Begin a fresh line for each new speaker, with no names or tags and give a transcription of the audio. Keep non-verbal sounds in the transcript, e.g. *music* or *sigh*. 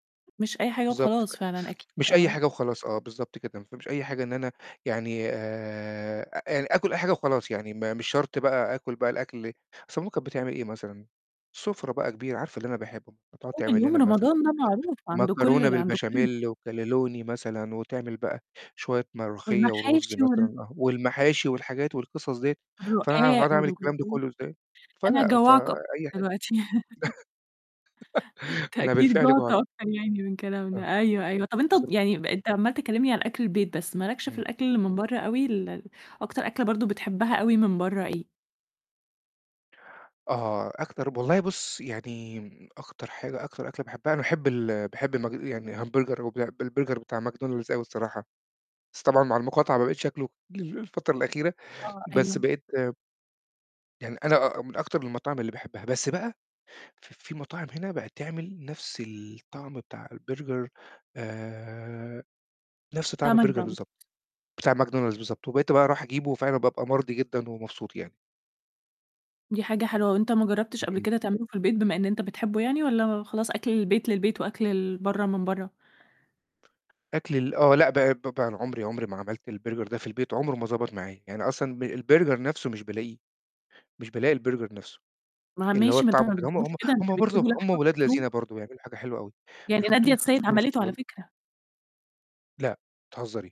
مش أي حاجة
بالضبط، ف
وخلاص فعلًا أكيد
مش أي
آه.
حاجة وخلاص، آه بالضبط كده. ما تفهميش أي حاجة إن أنا يعني آآ أ آكُل أي حاجة وخلاص، يعني م مش شرط بقى آكُل بقى الأكل أصل ماما كانت بتعمل إيه مثلًا؟ سُفرة بقى كبيرة، عارفة اللي أنا باحبه، هتقعد
أول
تعمل
يوم
لنا مثلًا
رمضان ده معروف عند كل
مكرونة
ال عند كل
بالبشاميل وكانلوني مثلًا، وتعمل بقى شوية ملوخية ورُز
والمحاشي وال
مثلًا، والمحاشي والحاجات والقصص ديّة،
*unintelligible*
فأنا هاقعد
الرقاق
أعمل
والجلاش
الكلام ده كلّه إزاي؟
أنا
فلأ،
هاجوّعك أكتر
فأي حاجة.
دلوقتي. *giggles*
*giggles*
أنت
أنا
أكيد
بالفعل
جُعت
جُعت.
أكتر يعني من
آه.
كلامنا، أيوه، أيوه، طب أنت
بالضبط.
يعني أنت ض يعني أنت عمّال تكلمني عن أكل البيت بس، ما لكش في
إمم.
الأكل اللي من برا أوي ال أكتر أكلة برضه بتحبها أوي من برا إيه؟
آه، أكتر ب والله بُصّ، يعني أكتر حاجة، أكتر أكلة باحبها، أنا باحب ال باحب المج يعني همبرجر وبع بالبرجر بتاع ماكدونالدز أوي الصراحة، بس طبعًا مع المقاطعة ما بقيتش آكله ال الفترة الأخيرة،
آه
بس
أيوه.
بقيت يعني أنا آه من أكتر المطاعم اللي باحبها، بس بقى ف في مطاعم هنا بقِت تعمل نفس الطعم بتاع البرجر آآ، نفس طعم
بتاع
البرجر
ماكدونالدز.
بالضبط، بتاع ماكدونالدز بالضبط، وبقيت بقى اروح أجيبه فعلًا بابقى مرضي جدًا ومبسوط يعني.
دي حاجة حلوة وأنت ما جرّبتش قبل
اهم.
كده تعمله في البيت بما إن أنت بتحبه يعني، والّا خلاص أكل البيت للبيت وأكل ال برا من برا؟
أكل ال آه، لأ، ب ب عُمري عُمري ما عملت البرجر ده في البيت، عُمره ما ضبط معايا. يعني أصلًا ب البرجر نفسه مش بالاقيه، مش بالاقي البرجر نفسه.
ما
اللي هو
ماشي ما أنت
الطعم
ما
وكده هم
بتجيبوش
هم
كده، أنت
هم برضه
بتجيبه
هم
لحمة
ولاد
مفرومة.
لذينَ برضه بيعملوا حاجة حلوة أوي
يعني
بيحطوا
نادية
لِك
السيد
الصوص
عَمَلِته على
وال
فكرة.
لأ، بتهزري!